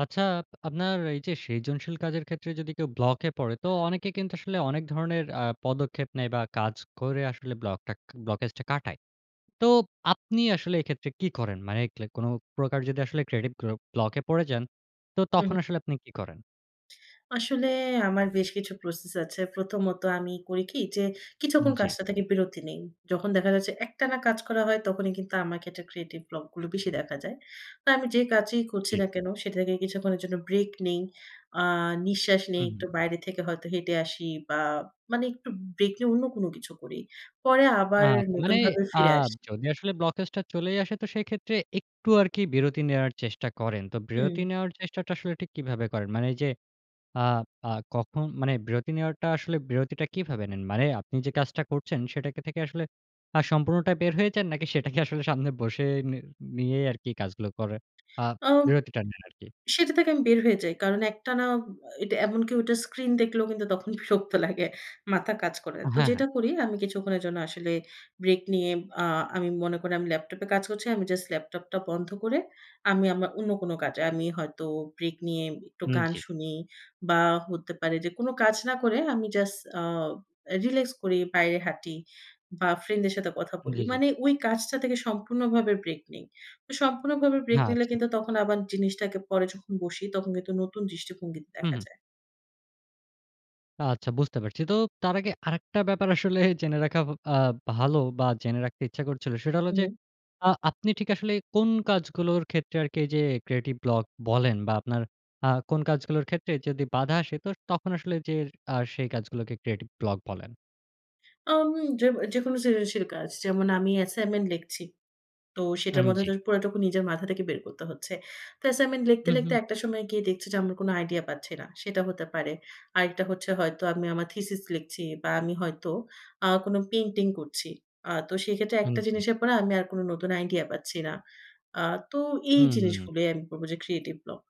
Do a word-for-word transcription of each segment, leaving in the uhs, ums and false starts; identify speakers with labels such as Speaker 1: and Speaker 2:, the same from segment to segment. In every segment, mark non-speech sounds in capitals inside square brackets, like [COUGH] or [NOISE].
Speaker 1: আচ্ছা আপনার এই যে সিজনশীল কাজের ক্ষেত্রে যদি কেউ ব্লকে পড়ে তো অনেকে কিন্তু আসলে অনেক ধরনের আ পদক্ষেপ নেয় বা কাজ করে আসলে ব্লকটাক ব্লকেজটা কাটায়। তো আপনি আসলে এক্ষেত্রে কী করেন? মানে কি লাইক কোন প্রকার যদি ক্রিয়েটিভ গ্ল ব্লকে পড়ে যান, তো
Speaker 2: উহু।
Speaker 1: তখন আসলে আপনি কি করেন?
Speaker 2: আসলে আমার বেশ কিছু প্রসেস আছে। প্রথমত আমি করি কি যে
Speaker 1: উম
Speaker 2: কিছুক্ষণ
Speaker 1: জ্বী।
Speaker 2: কাজটা থেকে বিরতি নেই। যখন দেখা যাচ্ছে একটানা কাজ করা হয় তখনই কিন্তু আমাকে একটা ক্রিয়েটিভ ব্লক গুলো বেশি দেখা যায়। তো আমি যে কাজই করছি
Speaker 1: জ্বী।
Speaker 2: না কেন সেটা থেকে কিছুক্ষণের জন্য ব্রেক নেই। আ নিঃশ্বাস নেই। একটু
Speaker 1: উহু।
Speaker 2: বাইরে থেকে হয়তো হেঁটে আসি বা মানে একটু ব্রেক নিয়ে অন্য কোন কিছু করি। পরে আবার
Speaker 1: আত
Speaker 2: নতুন
Speaker 1: মানে
Speaker 2: ভাবে
Speaker 1: আ
Speaker 2: ফিরে আসি।
Speaker 1: যদি আসলে ব্লকেজটা চলেই আসে তো সেক্ষেত্রে একটু আরকি বিরতি নেওয়ার চেষ্টা করেন। তো বিরতি
Speaker 2: উম
Speaker 1: নেওয়ার চেষ্টাটা আসলে ঠিক কিভাবে করেন? মানে এই যে আ আ কখন মানে বিরতি নেওয়ারটা আসলে বিরতিটা কিভাবে নেন? মানে আপনি যে কাজটা করছেন সেটা কে থেকে আসলে আ সম্পূর্ণটা বের হয়ে যান নাকি সেটাকে আসলে সামনে বসে নি নিয়েই আরকি কাজগুলো করেন? আ
Speaker 2: আব
Speaker 1: বিরতিটা নেন আরকি।
Speaker 2: সেটা থেকে আমি বের হয়ে যাই। কারণ একটানা অ্যা এটা এমন কি ঐটা স্ক্রিন দেখলেও কিন্তু তখন বিরক্ত লাগে মাথা কাজ করে না।
Speaker 1: আ
Speaker 2: তো
Speaker 1: হ্যাঁ, হ্যাঁ।
Speaker 2: যেটা করি আমি কিছুক্ষণের জন্য আসলে ব্রেক নিয়ে আ আমি মনে করি আমি ল্যাপটপ এ কাজ করছি। আমি জাস্ট ল্যাপটপটা বন্ধ করে আমি আমা অন্য কোন কাজে আমি হয়তো ব্রেক নিয়ে একটু
Speaker 1: উম
Speaker 2: গান
Speaker 1: জ্বী।
Speaker 2: শুনি বা হতে পারে যে কোন কাজ না করে আমি জাস্ট আ রিল্যাক্স করি, বাইরে হাঁটি বা ফ্রেন্ড দের সাথে কথা বলি।
Speaker 1: জ্বী, জ্বী।
Speaker 2: মানে ওই কাজটা থেকে সম্পূর্ণভাবে ব্রেক নেই। সম্পূর্ণভাবে ব্রেক নিলে
Speaker 1: আচ্ছা।
Speaker 2: কিন্তু তখন আবার জিনিসটাকে পরে যখন বসি তখন কিন্তু নতুন দৃষ্টিভঙ্গিতে
Speaker 1: হু,
Speaker 2: দেখা
Speaker 1: হু।
Speaker 2: যায়।
Speaker 1: আচ্ছা, বুঝতে পারছি। তো তার আগে আরেকটা ব্যাপার আসলে জেনে রাখা ব আ ভালো, বা জেনে রাখতে ইচ্ছা করছিল, সেটা হলো যে
Speaker 2: উহু।
Speaker 1: আ আপনি ঠিক আসলে কোন কাজগুলোর ক্ষেত্রে আরকি এই যে ক্রিয়েটিভ ব্লক বলেন? বা আপনার আ কোন কাজগুলোর ক্ষেত্রে যদি বাধা আসে, তো তখন আসলে যে আ সেই কাজগুলোকে ক্রিয়েটিভ ব্লক বলেন?
Speaker 2: আমি যেব যেকোনো সৃজনশীল কাজ। যেমন আমি অ্যাসাইনমেন্ট লেখছি। তো সেটার
Speaker 1: উম
Speaker 2: মধ্যে
Speaker 1: জি।
Speaker 2: তো পুরাটুকু নিজের মাথা থেকে বের করতে হচ্ছে। তো অ্যাসাইনমেন্ট লিখতে,
Speaker 1: হু, হু।
Speaker 2: লিখতে একটা সময় গিয়ে দেখছি যে, আমরা কোন আইডিয়া পাচ্ছি না সেটা হতে পারে। আরেকটা হচ্ছে, হয়তো আমি আমার থিসিস লিখছি, বা আমি হয়তো আ কোন পেইন্টিং করছি, আ তো সেক্ষেত্রে
Speaker 1: উম
Speaker 2: একটা
Speaker 1: জি।
Speaker 2: জিনিসের পরে আমি আর কোন নতুন আইডিয়া পাচ্ছি না। আ তো এই
Speaker 1: হুম।
Speaker 2: জিনিসগুলোই আমি বলব যে ক্রিয়েটিভ ব্লক।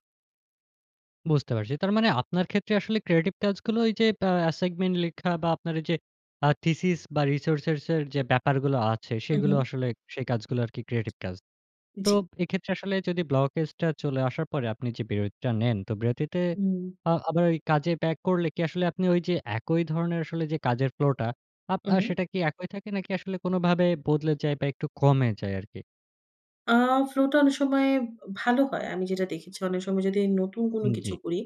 Speaker 1: বুঝতে পারছি। তার মানে আপনার ক্ষেত্রে আসলে ক্রিয়েটিভ কাজগুলো এই যে বা আসেগমেন্ট লেখা, বা আপনার এইযে আ থিসিস, বা রিসোর্সেরসের যে ব্যাপারগুলো আছে,
Speaker 2: হু,
Speaker 1: সেগুলো
Speaker 2: হুম।
Speaker 1: আসলে সেই কাজগুলা আরকি ক্রিয়েটিভ কাজ। তো
Speaker 2: জি।
Speaker 1: এক্ষেত্রে আসলে যদি ব্লকেজটা চলে আসার পরে আপনি যে বিরতিটা নেন। তো বিরতিতে
Speaker 2: উম।
Speaker 1: আ আবার ওই কাজে ব্যাক করলে কী আসলে, আপনি ওই যে একই ধরনের আসলে যে কাজের ফ্লোটা আব আ
Speaker 2: উহু।
Speaker 1: সেটা কী একই থাকে? নাকি আসলে কোনভাবে বদলে যায়? বা একটু কমে যায় আরকি?
Speaker 2: আ ফ্লো টা অনেক সময় ব ভালো হয়। আমি যেটা দেখেছি, অনেক সময় যদি নতুন কোনো
Speaker 1: হু,
Speaker 2: কিছু
Speaker 1: জ্বী।
Speaker 2: করি,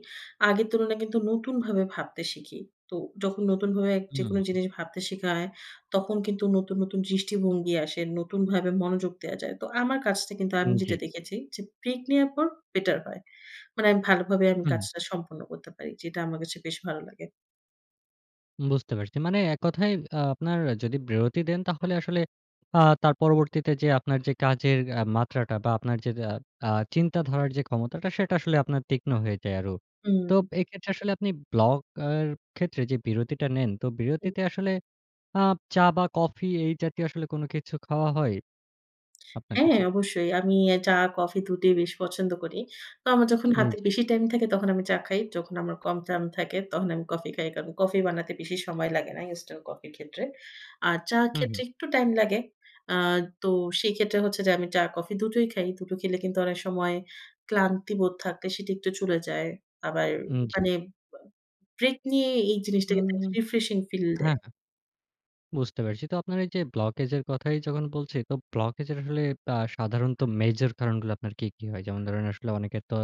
Speaker 2: আগের তুলনায় কিন্তু নতুনভাবে ভাবতে শিখি। তো যখন নতুনভাবে যেকোনো
Speaker 1: হুম।
Speaker 2: জিনিস ভাবতে শিখা হয়, তখন কিন্তু নতুন, নতুন দৃষ্টিভঙ্গি আসে। নতুনভাবে মনোযোগ দেয়া যায়। তো আমার কাজটা কিন্তু
Speaker 1: উ
Speaker 2: আমি যেটা
Speaker 1: জ্বী।
Speaker 2: দেখেছি যে, ব্রেক নেয়ার পর বেটার হয়। মানে আমি ভালোভাবে আমি
Speaker 1: হুম।
Speaker 2: কাজটা সম্পন্ন করতে পারি, যেটা আমার কাছে বেশ ভালো লাগে।
Speaker 1: বুঝতে পারছি। মানে এককথায় আ আপনার যদি বিরতি দেন, তাহলে আসলে আ তার পরবর্তীতে যেয়ে আপনার যে কাজের আ মাত্রাটা, বা আপনার যে আব আ চিন্তাধারার যে ক্ষমতাটা, সেটা আসলে আপনার তীক্ষ্ণ হয়ে যায় আরো। তো
Speaker 2: হুম।
Speaker 1: ব এক্ষেত্রে আসলে আপনি ব্লক আর ক্ষেত্রে যে বিরতিটা নেন, তো
Speaker 2: হু।
Speaker 1: বিরতিতে আসলে আব চা, বা কফি এই জাতীয় আসলে কোন কিছু খাওয়া হয়, আপনার
Speaker 2: হ্যাঁ,
Speaker 1: ক্ষেত্রে?
Speaker 2: অবশ্যই। আমি এ চা, কফি দুটিই বেশ পছন্দ করি। তো আমার যখন
Speaker 1: উম
Speaker 2: হাতে
Speaker 1: জ্বী।
Speaker 2: বেশি টাইম থাকে, তখন আমি চা খাই। যখন আমার কম টাম থাকে, তখন আমি কফি খাই। কারণ, কফি বানাতে বেশি সময় লাগে না, ইনস্ট্যান্ট কফির ক্ষেত্রে। আর চা'র
Speaker 1: হুম, হুম।
Speaker 2: ক্ষেত্রে একটু টাইম লাগে। আ তো সেই ক্ষেত্রে হচ্ছে যে আমি চা, কফি দুটোই খাই। দুটো খেলে কিন্তু অনেক সময় ক্লান্তি বোধ থাকলে সেটি একটু চলে যায়। আবার
Speaker 1: উম জ্বি।
Speaker 2: মানে ব ব্রেক নিয়ে এই জিনিসটা কিন্তু
Speaker 1: উম
Speaker 2: রিফ্রেশিং ফিল
Speaker 1: হ্যাঁ,
Speaker 2: দেয়।
Speaker 1: হ্যাঁ। বুঝতে পেরেছি। তো আপনার এই যে ব্লকেজের কথাই যখন বলছি, তো ব্লকেজের আসলে আ সাধারণত মেজর কারণগুলো আপনার কি, কি হয়? যেমন ধরেন আসলে অনেকের তো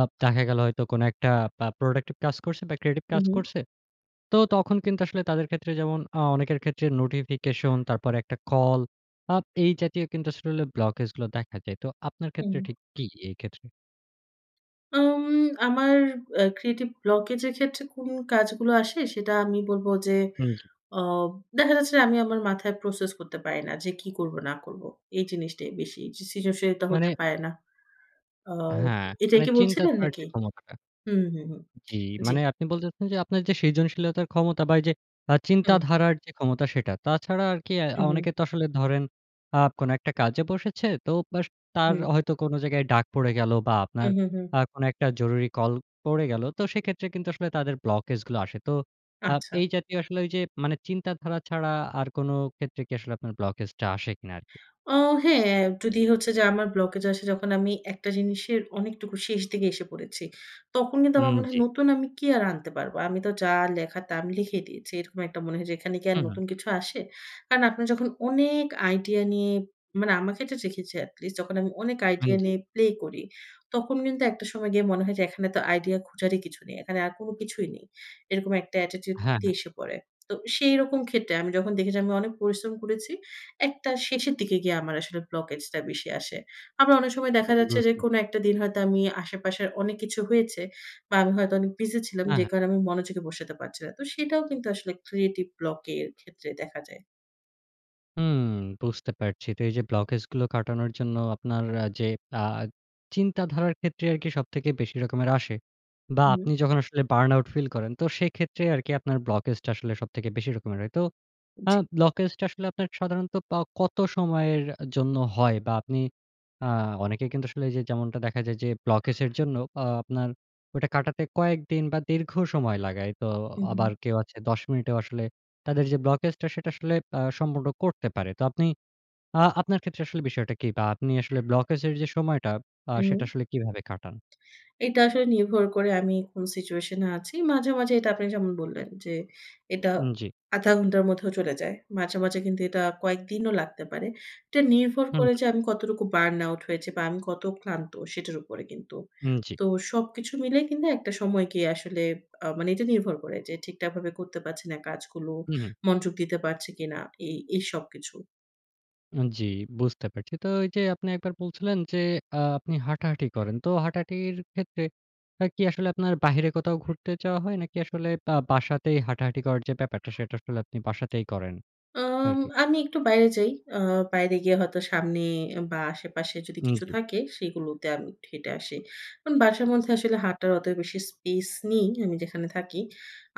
Speaker 1: আব দেখা গেল হয়তো কোনো একটা বা প্রোডাক্টিভ কাজ করছে, বা ক্রিয়েটিভ
Speaker 2: উ
Speaker 1: কাজ
Speaker 2: হু।
Speaker 1: করছে। তো তখন কিন্তু আসলে তাদের ক্ষেত্রে যেমন অ অনেকের ক্ষেত্রে নোটিফিকেশন, তারপরে একটা কল আব এই জাতীয় কিন্তু আসলে ব্লকেজগুলো দেখা যায়। তো আপনার ক্ষেত্রে
Speaker 2: হুম।
Speaker 1: ঠিক কি, এই ক্ষেত্রে?
Speaker 2: আম আমার আ ক্রিয়েটিভ ব্লকেজের ক্ষেত্রে কোন কাজগুলো আসে সেটা আমি বলব যে
Speaker 1: হু, জি।
Speaker 2: আব দেখা যাচ্ছে যে আমি আমার মাথায় প্রসেস করতে পারি না যে কি করব না করব। এই জিনিসটাই বেশি সৃজনশীলতা
Speaker 1: মানে
Speaker 2: হতে পারে না। আব
Speaker 1: হ্যাঁ,
Speaker 2: এটাই
Speaker 1: মানে
Speaker 2: কি
Speaker 1: চিন্তা
Speaker 2: বলছিলেন
Speaker 1: করার
Speaker 2: নাকি?
Speaker 1: যে ক্ষমতাটা।
Speaker 2: হুম, হুম, হুম।
Speaker 1: জ্বী।
Speaker 2: জ্বী।
Speaker 1: মানে আপনি বলতে চাচ্ছেন আপনার যে সৃজনশীলতার ক্ষমতা বা এইযে আ
Speaker 2: হুম।
Speaker 1: চিন্তাধারার যে ক্ষমতা সেটা। তাছাড়া আর কি আ
Speaker 2: হু, হু।
Speaker 1: অনেকে তো আসলে ধরেন আ কোন একটা কাজে বসেছে তো বাস তার
Speaker 2: হুম।
Speaker 1: হয়তো কোন জায়গায় ডাক পড়ে গেল বা
Speaker 2: হু,
Speaker 1: আপনার
Speaker 2: হু, হু।
Speaker 1: আ কোন একটা জরুরি কল পড়ে গেল। তো সেক্ষেত্রে কিন্তু আসলে তাদের ব্লকেজ গুলো আসে। তো আব
Speaker 2: আচ্ছা।
Speaker 1: এই জাতীয় আসলে ঐ যে মানে চিন্তাধারা ছাড়া আর কোন ক্ষেত্রে কি আসলে আপনার ব্লকেজ টা আসে কিনা আরকি।
Speaker 2: অ হ্যাঁ, যদি হচ্ছে যে আমার ব্লকেজ আসে যখন আমি একটা জিনিসের অনেকটুকু শেষ দিগে এসে পড়েছি। তখন কিন্তু
Speaker 1: উম
Speaker 2: আমার মনে হয়
Speaker 1: জ্বী।
Speaker 2: নতুন আমি কি আর আনতে পারবো? আমি তো যা লেখা তা আমি লিখেই দিয়েছি। এরকম একটা মনে হয় যে এখানে কি আর
Speaker 1: হু, হু।
Speaker 2: নতুন কিছু আসে? কারণ আপনার যখন অনেক আইডিয়া নিয়ে মানে আমার ক্ষেত্রে দেখেছি এটলিস্ট যখন আমি অনেক
Speaker 1: হুম,
Speaker 2: আইডিয়া
Speaker 1: জ্বী।
Speaker 2: নিয়ে প্লে করি। তখন কিন্তু একটা সময় গিয়ে মনে হয় যে এখানে তো আইডিয়া খোঁজারই কিছু নেই। এখানে আর কোন কিছুই নেই। এরকম একটা attitude
Speaker 1: হ্যাঁ, হ্যাঁ।
Speaker 2: দিয়ে এসে পড়ে। তো সেইরকম ক্ষেত্রে আমি যখন দেখেছি আমি অনেক পরিশ্রম করেছি, একটা শেষের দিকে গিয়ে আমার আসলে ব্লকেজ টা বেশি আসে। আবার অনেক সময় দেখা
Speaker 1: [UNINTELLIGIBLE]
Speaker 2: যাচ্ছে যে
Speaker 1: বুঝতে
Speaker 2: কোন একটা
Speaker 1: পেরেছি।
Speaker 2: দিন হয়তো আমি আশেপাশের অনেক কিছু হয়েছে বা আমি হয়তো অনেক বিজি ছিলাম
Speaker 1: অ্যা
Speaker 2: যে
Speaker 1: হ্যাঁ।
Speaker 2: কারণে আমি মনোযোগে বসাতে পারছি না। তো সেটাও কিন্তু আসলে ক্রিয়েটিভ ব্লক এর ক্ষেত্রে দেখা যায়।
Speaker 1: উম বুঝতে পারছি। তো এই যে ব্লকেজগুলো কাটানোর জন্য আপনার আ যে আ চিন্তাধারার ক্ষেত্রে আরকি সবথেকে বেশি রকমের আসে। বা
Speaker 2: হুম।
Speaker 1: আপনি যখন আসলে বার্ন আউট ফিল করেন, তো সেক্ষেত্রে আরকি আপনার ব্লকেজটা আসলে সবথেকে বেশি রকমের হয়। তো আ
Speaker 2: জি।
Speaker 1: ব্লকেজটা আসলে আপনার সাধারণত পা কত সময়ের অ্যা জন্য হয়? বা আপনি আ অনেকে কিন্তু আসলে এইযে যেমনটা দেখা যায় যে, ব্লকেজের জন্য আ আপনার ওইটা কাটাতে কয়েকদিন বা দীর্ঘ সময় লাগায়। তো
Speaker 2: উহুম।
Speaker 1: আবার কেউ আছে দশ মিনিটেও আসলে তাদের যে ব্লকেজটা সেটা আ আসলে সম্পূর্ণ করতে পারে। তো আপনি আ আপনার ক্ষেত্রে আসলে বিষয়টা কি? বা আপনি আসলে ব্লকেজের যে সময়টা আ সেটা
Speaker 2: উম
Speaker 1: আসলে কীভাবে কাটান?
Speaker 2: এটা আসলে নির্ভর করে আমি কোন সিচুয়েশন এ আছি। মাঝে, মাঝে এটা আপনি যেমন বললেন যে, এটা
Speaker 1: উম জি।
Speaker 2: আধা ঘন্টার মধ্যেও চলে যায়। মাঝে, মাঝে কিন্তু এটা কয়েকদিনও লাগতে পারে। এটা নির্ভর
Speaker 1: হুম,
Speaker 2: করে
Speaker 1: হু।
Speaker 2: যে আমি কতটুকু বার্ন আউট হয়েছি বা আমি কত ক্লান্ত সেটার উপরে কিন্তু।
Speaker 1: উম জি।
Speaker 2: তো সবকিছু মিলেই কিন্তু একটা সময় গিয়ে আসলে আ মানে এটা নির্ভর করে যে, ঠিকঠাকভাবে করতে পারছি না কাজগুলো
Speaker 1: উহু।
Speaker 2: মঞ্জগ দিতে পারছি কিনা এই, এই সবকিছু।
Speaker 1: উন জ্বি, বুঝতে পারছি। তো এই যে আপনি একবার বলছিলেন যে, আ আপনি হাঁটাহাঁটি করেন। তো হাঁটাহাঁটির ক্ষেত্রে আ কি আসলে, আপনার বাহিরে কোথাও ঘুরতে যাওয়া হয়? নাকি আসলে বা বাসাতেই হাঁটাহাঁটি করার যে ব্যাপারটা, সেটা আসলে আপনি বাসাতেই করেন,
Speaker 2: আম
Speaker 1: আরকি?
Speaker 2: আমি একটু বাইরে যাই। আ বাইরে গিয়ে হয়তো সামনে, বা আশেপাশে যদি
Speaker 1: উম
Speaker 2: কিছু
Speaker 1: জ্বি।
Speaker 2: থাকে, সেগুলোতে আমি এট্টু হেঁটে আসি। কারন বাসার মধ্যে আসলে হাঁটার অত বেশি স্পেস নেই, আমি যেখানে থাকি,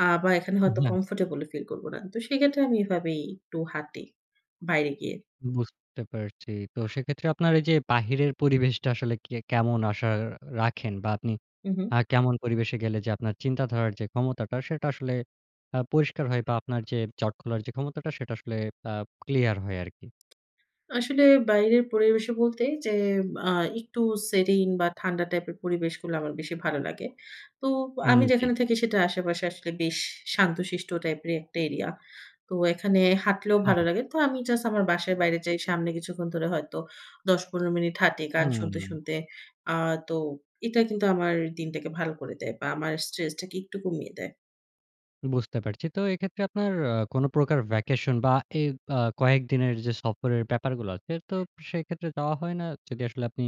Speaker 2: আ বা এখানে
Speaker 1: আম
Speaker 2: হয়তো
Speaker 1: হ্যাঁ।
Speaker 2: কমফোর্টেবল ও ফিল করব না। তো সেই ক্ষেত্রে আমি এভাবেই একটু হাঁটি, বাইরে গিয়ে।
Speaker 1: বুঝতে পারছি। তো সেক্ষেত্রে আপনার এই যে বাহিরের পরিবেশটা আসলে কে কেমন আশা রাখেন? বা আপনি
Speaker 2: উ হুম।
Speaker 1: আ কেমন পরিবেশে গেলে যে আপনার চিন্তাধারার যে ক্ষমতাটা, সেটা আসলে আ পরিষ্কার হয়? বা আপনার যে জট খোলার যে ক্ষমতাটা, সেটা আসলে বা ক্লিয়ার হয় আরকি?
Speaker 2: আসলে বাইরের পরিবেশে বলতে যে আ একটু serene বা ঠান্ডা টাইপের পরিবেশগুলো আমার বেশি ভালো লাগে। তো
Speaker 1: উম
Speaker 2: আমি
Speaker 1: জ্বি।
Speaker 2: যেখানে থাকি সেটা আশেপাশে আসলে বেশ শান্তশিষ্ট টাইপের একটা এরিয়া। তো এখানে হাঁটলেও
Speaker 1: হ্যাঁ,
Speaker 2: ভালো
Speaker 1: হ্যাঁ।
Speaker 2: লাগে। তো আমি জাস্ট আমার বাসার বাইরে যাই। সামনে কিছুক্ষণ ধরে হয়তো দশ থেকে পনেরো মিনিট হাঁটি, গান শুনতে,
Speaker 1: হুম।
Speaker 2: শুনতে। আ তো এটা কিন্তু আমার দিনটাকে ভালো করে দেয়, বা আমার স্ট্রেসটাকে একটু কমিয়ে দেয়।
Speaker 1: বুঝতে পারছি। তো এক্ষেত্রে আপনার আ কোন প্রকার ভ্যাকেশন বা এ আ কয়েকদিনের যে সফরের ব্যাপারগুলো আছে তো সেক্ষেত্রে যাওয়া হয় না? যদি আসলে আপনি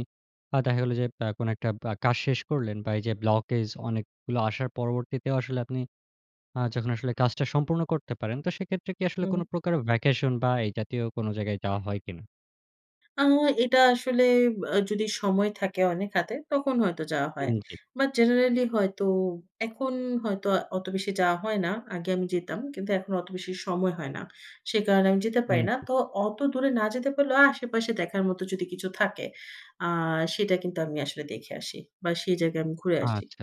Speaker 1: আ দেখা গেল যে আ কোন বা একটা কাজ শেষ করলেন বা এই যে ব্লকেজ অনেকগুলো আসার পরবর্তীতেও আসলে আপনি আ যখন আসলে কাজটা সম্পূর্ণ করতে পারেন তো সেক্ষেত্রে কি আসলে কোন
Speaker 2: হুম।
Speaker 1: প্রকারের ভ্যাকেশন বা এই জাতীয় কোন জায়গায় যাওয়া হয় কি না?
Speaker 2: আ এটা আসলে ব যদি সময় থাকে অনেক হাতে তখন হয়তো যাওয়া
Speaker 1: হু,
Speaker 2: হয়।
Speaker 1: জি।
Speaker 2: বা জেনারেলি হয়তো এখন হয়তো অত বেশি যাওয়া হয় না। আগে আমি যেতাম। কিন্তু এখন অত বেশি সময় হয় না। সে কারণে আমি যেতে
Speaker 1: হু,
Speaker 2: পারি না।
Speaker 1: জি।
Speaker 2: তো অত দূরে না যেতে পারলেও আশেপাশে দেখার মতো যদি কিছু থাকে আ সেটা কিন্তু আমি আসলে দেখে আসি। বা সেই জায়গায় আমি ঘুরে আসি।
Speaker 1: আচ্ছা,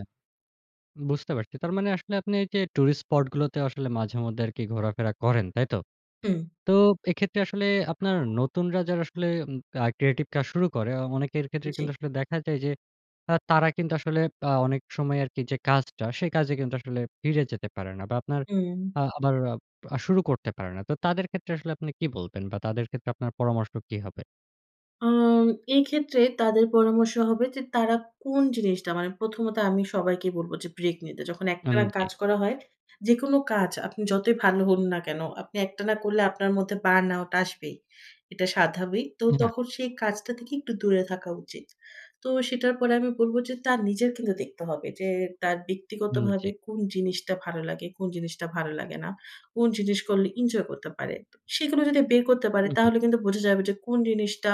Speaker 1: বুঝতে পারছি। তার মানে আসলে আপনি এই যে টুরিস্ট স্পট গুলোতেও আসলে মাঝেমধ্যে আরকি ঘোরাফেরা করেন, তাইতো?
Speaker 2: হুম।
Speaker 1: তো এক্ষেত্রে আসলে আপনার নতুনরা যারা আসলে উম আর ক্রিয়েটিভ কাজ শুরু করে, অ অনেকের ক্ষেত্রে কিন্তু
Speaker 2: জি।
Speaker 1: আসলে দেখা যায় যে আ তারা কিন্তু আসলে আ অনেক সময় আরকি যে কাজটা, সে কাজে কিন্তু আসলে ফিরে যেতে পারে না। বা আপনার
Speaker 2: হুম।
Speaker 1: আ আবার আর শুরু করতে পারে না। তো তাদের ক্ষেত্রে আসলে আপনি কি বলবেন? বা তাদের ক্ষেত্রে আপনার পরামর্শ কি হবে?
Speaker 2: আম এক্ষেত্রে তাদের পরামর্শ হবে যে, তারা কোন জিনিসটা মানে প্রথমত আমি সবাইকেই বলবো যে, ব্রেক নিতে। যখন
Speaker 1: উন
Speaker 2: একটানা
Speaker 1: জি।
Speaker 2: কাজ করা হয়। যেকোনো কাজ, আপনি যতই ভালো হন না কেনো, আপনি একটানা করলে আপনার মধ্যে বার্ন আউট আসবেই। এটা সাধাবিক। তো
Speaker 1: এ হা
Speaker 2: তখন সেই কাজটা থেকে একটু দূরে থাকা উচিত। তো সেটার পরে আমি বলব, যে তার নিজের কিন্তু দেখতে হবে। যে তার
Speaker 1: হুম,
Speaker 2: ব্যক্তিগতভাবে
Speaker 1: জি।
Speaker 2: কোন জিনিসটা ভালো লাগে, কোন জিনিসটা ভালো লাগে না। কোন জিনিস করলে ইনজয় করতে পারে। তো সেগুলো যদি বের করতে পারে,
Speaker 1: উ হুম।
Speaker 2: তাহলে কিন্তু বোঝা যাবে যে কোন জিনিসটা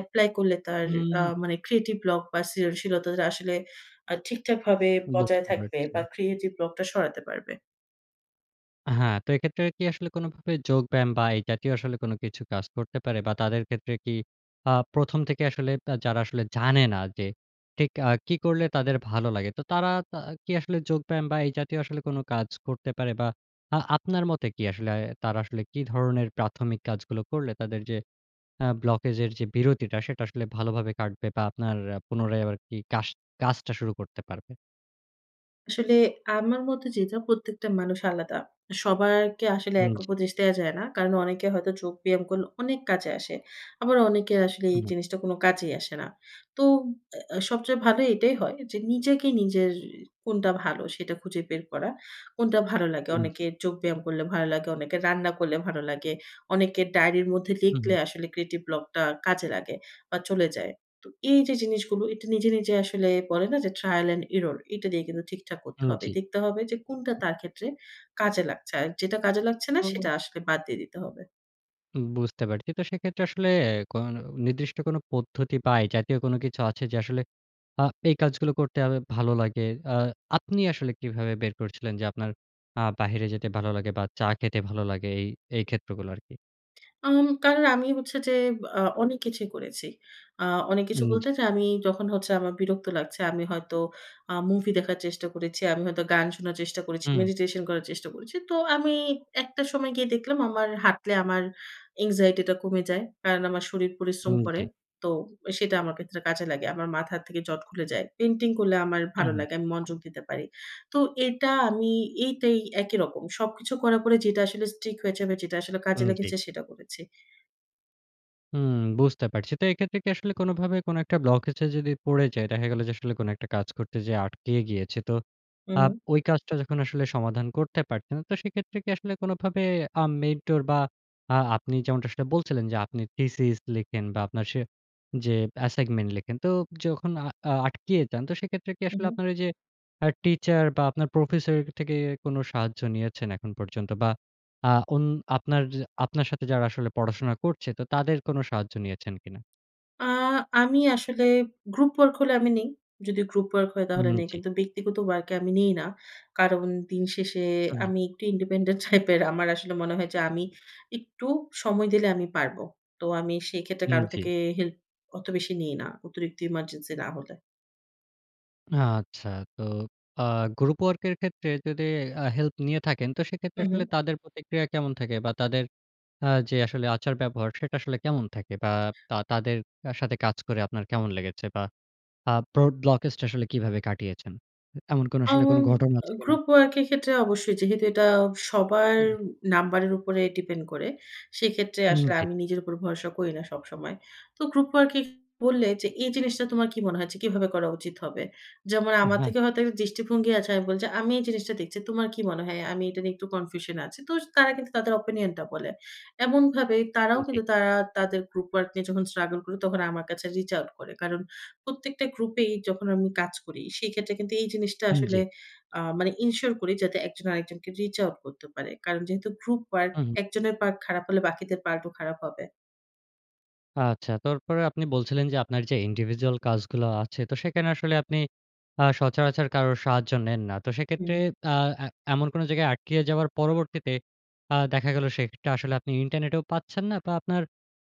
Speaker 2: এপ্লাই করলে, তার আ
Speaker 1: উম
Speaker 2: মানে ক্রিয়েটিভ ব্লক বা সৃজনশীলতাটা আসলে আ ঠিকঠাকভাবে
Speaker 1: বুঝতে
Speaker 2: বজায় থাকবে বা
Speaker 1: পারছি।
Speaker 2: ক্রিয়েটিভ ব্লক টা সরাতে পারবে।
Speaker 1: আ হ্যাঁ, তো এক্ষেত্রে কি আসলে কোনোভাবে যোগব্যায়াম, বা এই জাতীয় আসলে কোনো কিছু কাজ করতে পারে? বা তাদের ক্ষেত্রে কি আ প্রথম থেকে আসলে আব যারা আসলে জানে না, যে ঠিক আ কি করলে, তাদের ভালো লাগে। তো তারা তা কি আসলে যোগব্যায়াম, বা এই জাতীয় আসলে কোনো কাজ করতে পারে? বা আ আপনার মতে কি আসলে, তারা আসলে কি ধরনের প্রাথমিক কাজগুলো করলে, তাদের যে আ ব্লকেজ এর যে বিরতিটা, সেটা আসলে ভালোভাবে কাটবে? বা আপনার আ পুনরায় আরকি কাশ কাজটা শুরু করতে পারবে?
Speaker 2: আসলে আমার মতে যে যা প্রত্যেকটা মানুষ আলাদা। সবারকে আসলে
Speaker 1: হু,
Speaker 2: এক
Speaker 1: জি।
Speaker 2: উপদেশ দেয়া যায় না। কারণ অনেকে হয়তো যোগ ব্যায়াম করলে অনেক কাজে আসে। আবার অনেকে আসলে এই
Speaker 1: উহু।
Speaker 2: জিনিসটা কোন কাজেই আসে না। তো অ্যা অ্যা সবচেয়ে ভালো এটাই হয় যে নিজেকে নিজের কোনটা ভালো সেটা খুঁজে বের করা। কোনটা ভালো লাগে।
Speaker 1: উম জি।
Speaker 2: অনেকের যোগ ব্যায়াম করলে ভালো লাগে। অনেকের রান্না করলে ভালো লাগে। অনেকের ডায়রির মধ্যে
Speaker 1: উহু।
Speaker 2: লিখলে আসলে ক্রিয়েটিভ ব্লকটা কাজে লাগে বা চলে যায়। তো এই যে জিনিসগুলো এটা নিজে, নিজে আসলে বলে না যে trial and error? এটা দিয়ে কিন্তু ঠিকঠাক করতে
Speaker 1: উম
Speaker 2: হবে।
Speaker 1: জি।
Speaker 2: দেখতে হবে যে কোনটা তার ক্ষেত্রে কাজে লাগছে। আর যেটা কাজে লাগছে না
Speaker 1: ও,
Speaker 2: সেটা
Speaker 1: ও।
Speaker 2: আসলে বাদ দিয়ে দিতে হবে।
Speaker 1: উম বুঝতে পারছি। তো সেক্ষেত্রে আসলে এ কোন নির্দিষ্ট কোনো পদ্ধতি বা এ জাতীয় কোন কিছু আছে? যে আসলে আ এই কাজগুলো করতে হবে, ভালো লাগে। আ আপনি আসলে কিভাবে বের করছিলেন? যে আপনার আ বাহিরে যেতে ভালো লাগে? বা চা খেতে ভালো লাগে? এই, এই ক্ষেত্রগুলো আরকি।
Speaker 2: আম কারণ আমি হচ্ছে যে আ অনেক কিছুই করেছি। আ অনেক কিছু
Speaker 1: উম,
Speaker 2: বলতে
Speaker 1: জি।
Speaker 2: যা আমি যখন হচ্ছে আমার বিরক্ত লাগছে আমি হয়তো আ মুভি দেখার চেষ্টা করেছি, আমি হয়তো গান শোনার চেষ্টা করেছি,
Speaker 1: হুম।
Speaker 2: মেডিটেশন করার চেষ্টা করেছি। তো আমি একটা সময় গিয়ে দেখলাম আমার হাঁটলে আমার anxiety টা কমে যায়। কারণ আমার শরীর
Speaker 1: হু,
Speaker 2: পরিশ্রম করে।
Speaker 1: জি।
Speaker 2: তো সেটা আমার ক্ষেত্রে কাজে লাগে। আমার মাথা থেকে জট খুলে যায়। পেইন্টিং করলে আমার ভালো
Speaker 1: উহু।
Speaker 2: লাগে। আমি মনযোগ দিতে পারি। তো এটা আমি এইটাই একই রকম। সবকিছু করা পরে যেটা আসলে stick হয়েছে বা যেটা আসলে কাজে
Speaker 1: উম জি।
Speaker 2: লেগেছে সেটাও করেছি।
Speaker 1: উম বুঝতে পারছি। তো এক্ষেত্রে কি আসলে, কোনভাবে কোন একটা ব্লকেজে যদি পড়ে যায় দেখা গেল যে, আসলে কোন একটা কাজ করতে যেয়ে আটকিয়ে গিয়েছে। তো
Speaker 2: উম
Speaker 1: আব
Speaker 2: হুম।
Speaker 1: ঐ কাজটা যখন আসলে সমাধান করতে পারতেন। তো সেক্ষেত্রে কি আসলে, কোনভাবে আ মেন্টর, বা আ আপনি যেমনটা আসলে বলছিলেন, যে আপনি থিসিস লিখেন বা আপনার সে যে অ্যাসাইগমেন্ট লেখেন। তো ব [SMACKS LIPS] যখন আ আটকিয়ে যান, তো সেক্ষেত্রে কি
Speaker 2: উম
Speaker 1: আসলে
Speaker 2: হুম।
Speaker 1: আপনার ঐ যে আ টিচার, বা আপনার প্রফেসরের থেকে কোন সাহায্য নিয়েছেন এখন পর্যন্ত? বা আ ওন আপনার য আপনার সাথে যারা আসলে পড়াশোনা করছে, তো তাদের কোন সাহায্য নিয়েছেন কিনা?
Speaker 2: আ আমি আসলে গ্রুপ ওয়ার্ক হলে আমি নেই। যদি গ্রুপ ওয়ার্ক হয়,
Speaker 1: উম
Speaker 2: তাহলে নেই
Speaker 1: জি।
Speaker 2: কিন্তু ব্যক্তিগত ওয়ার্ক এ আমি নিই না। কারণ দিন শেষে
Speaker 1: হু, হুম।
Speaker 2: আমি একটু ইন্ডিপেন্ডেন্ট টাইপের। আমার আসলে মনে হয়, যে আমি একটু সময় দিলে আমি পারব। তো আমি সেই ক্ষেত্রে
Speaker 1: উম
Speaker 2: কারো থেকে
Speaker 1: জি।
Speaker 2: হেল্প অত বেশি নিই না। অতিরিক্ত ইমার্জেন্সি না হলে।
Speaker 1: আচ্ছা। তো আ গ্রুপ ওয়ার্ক এর ক্ষেত্রে যদি আ হেল্প নিয়ে থাকেন। তো সেক্ষেত্রে
Speaker 2: উম হুম।
Speaker 1: আসলে তাদের প্রতিক্রিয়া কেমন থাকে? বা তাদের আ যে আসলে আচার-ব্যবহার সেটা আসলে কেমন থাকে? বা তা তাদের আ সাথে কাজ করে আপনার কেমন লেগেছে? বা আ প্রড ব্লকেজটা আসলে কিভাবে কাটিয়েছেন? এমন কোন আসলে
Speaker 2: আম
Speaker 1: কোন ঘটনা
Speaker 2: আ
Speaker 1: আছে কিনা?
Speaker 2: গ্রুপ ওয়ার্ক এর ক্ষেত্রে অবশ্যই যেহেতু এটা সবার
Speaker 1: [CLEARS THROAT]
Speaker 2: নাম্বারের উপরে ডিপেন্ড করে, সেক্ষেত্রে
Speaker 1: উম
Speaker 2: আসলে
Speaker 1: জি।
Speaker 2: আমি নিজের উপর ভরসা করি না সবসময়। তো গ্রুপ ওয়ার্কে বললে যে, "এই জিনিসটা তোমার কি মনে হয় যে, কিভাবে করা উচিত হবে?" যেমন
Speaker 1: আ
Speaker 2: আমার
Speaker 1: হ্যাঁ।
Speaker 2: থেকে হয়তো একটা দৃষ্টিভঙ্গি আছে। আমি বলছি, "আমি এই জিনিসটা দেখছি। তোমার কি মনে হয়? আমি এটা নিয়ে একটু কনফিউশন এ আছি।" তো জ তারা কিন্তু তাদের ওপিনিয়ন টা বলে। এমনভাবে তারাও
Speaker 1: উম জি।
Speaker 2: কিন্তু তারা তাদের গ্রুপ ওয়ার্ক নিয়ে যখন স্ট্রাগল করে, তখন আমার কাছে রিচ আউট করে। কারণ প্রত্যেকটা গ্রুপেই যখন আমি কাজ করি, সেক্ষেত্রে কিন্তু এই জিনিসটা
Speaker 1: উম
Speaker 2: আসলে
Speaker 1: জি।
Speaker 2: আ মানে ইনশিওর করি যাতে এক জন আরেকজনকে রিচ আউট করতে পারে। কারণ যেহেতু গ্রুপ ওয়ার্ক
Speaker 1: হু, হুম।
Speaker 2: একজনের পার্ট খারাপ হলে, বাকিদের পার্ট ও খারাপ হবে।
Speaker 1: আচ্ছা, তারপরে আপনি বলছিলেন যে, আপনার যে individual কাজগুলো আছে, তো সেখানে আসলে আপনি আ সচরাচর কারোর সাহায্য নেন না। তো সেক্ষেত্রে
Speaker 2: হুম।
Speaker 1: আ এ এমন কোন জায়গায় আটকিয়ে যাওয়ার পরবর্তীতে, আ দেখা গেল সেক্ষেত্রে আসলে আপনি ইন্টারনেটেও পাচ্ছেন না বা, আপনার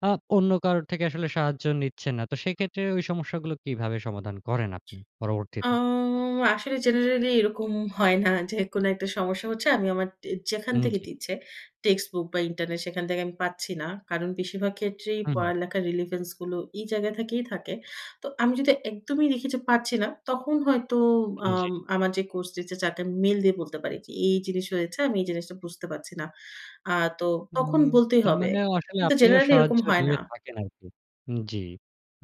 Speaker 1: আ অন্য কারোর থেকে আসলে সাহায্য নিচ্ছেন না। তো সেক্ষেত্রে ওই সমস্যাগুলো কিভাবে সমাধান করেন আপনি
Speaker 2: আ
Speaker 1: পরবর্তীতে?
Speaker 2: আসলে জেনারেলি এরকম হয় না। যে কোন একটা সমস্যা হচ্ছে আমি আমার ট যেখান
Speaker 1: উম
Speaker 2: থেকে
Speaker 1: জ্বী।
Speaker 2: দিচ্ছে text book বা, ইন্টারনেট সেখান থেকে আমি পাচ্ছি না। কারণ, বেশিরভাগ ক্ষেত্রেই
Speaker 1: হু, হুম।
Speaker 2: পড়ালেখার relevance গুলো এই জায়গা থেকেই থাকে। তো আমি যদি একদমই দেখি যে পারছি না, তখন হয়তো
Speaker 1: উন জ্বী।
Speaker 2: আম আমার যে কোর্স টিচার, যাকে আমি মেইল দিয়ে বলতে পারি যে এই জিনিস হয়েছে, আমি এই জিনিসটা বুঝতে পারছি না। আ তো তখন
Speaker 1: উম
Speaker 2: বলতেই
Speaker 1: তার
Speaker 2: হবে।
Speaker 1: মানে আসলে
Speaker 2: কিন্তু
Speaker 1: আপনিও
Speaker 2: জেনারেলি এরকম
Speaker 1: সাহায্য
Speaker 2: হয় না।
Speaker 1: নিয়ে থাকেন আরকি। উম জ্বী।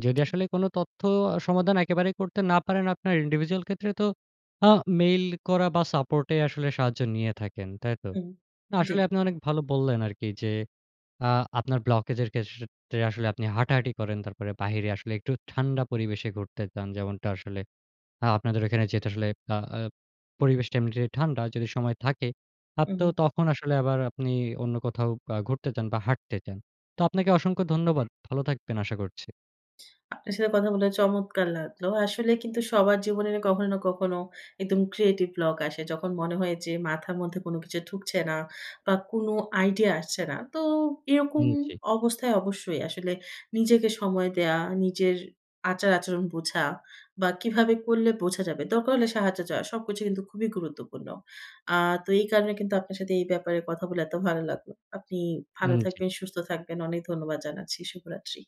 Speaker 1: যদি আসলে কোন তথ্য আ সমাধান একেবারে করতে না পারেন আপনার individual ক্ষেত্রে তো, আ মেইল করা বা, সাপোর্টে আসলে সাহায্য নিয়ে থাকেন, তাই তো?
Speaker 2: হুম।
Speaker 1: না
Speaker 2: জ্বী।
Speaker 1: আসলে আপনি অনেক ভালো বললেন আরকি যে, আ আপনার blockage এর ক্ষেসসে আসলে আপনি হাঁটাহাঁটি করেন, তারপরে বাহিরে আসলে একটু ঠান্ডা পরিবেশে ঘুরতে যান, যেমনটা আসলে আ আপনাদের এখানে যেটা আসলে আ আ পরিবেশটা এমনিতে ঠান্ডা। যদি সময় থাকে
Speaker 2: উ
Speaker 1: হাঁটতেও
Speaker 2: হুম।
Speaker 1: তখন আসলে আবার আপনি অন্য কোথাও বা ঘুরতে যান বা, হাঁটতে যান। তো আপনাকে অসংখ্য ধন্যবাদ। ভালো থাকবেন আশা করছি।
Speaker 2: আপনার সাথে কথা বলে চমৎকার লাগলো। আসলে কিন্তু সবার জীবনে কখনো না কখনো একদম creative block আসে। যখন মনে হয় যে মাথার মধ্যে কোন কিছু ঢুকছে না বা, কোনো আইডিয়া আসছে না। তো এরকম
Speaker 1: হুম, জি।
Speaker 2: অবস্থায় অবশ্যই আসলে নিজেকে সময় দেয়া, নিজের আচার-আচরণ বোঝা বা, কিভাবে করলে বোঝা যাবে? দরকার হলে সাহায্য দেওয়া, সবকিছু কিন্তু খুবই গুরুত্বপূর্ণ। আ তো এই কারণে কিন্তু আপনার সাথে এই ব্যাপারে কথা বলে এত ভালো লাগলো। আপনি ভালো
Speaker 1: উম জি।
Speaker 2: থাকবেন, সুস্থ থাকবেন। অনেক ধন্যবাদ জানাচ্ছি। শুভরাত্রি।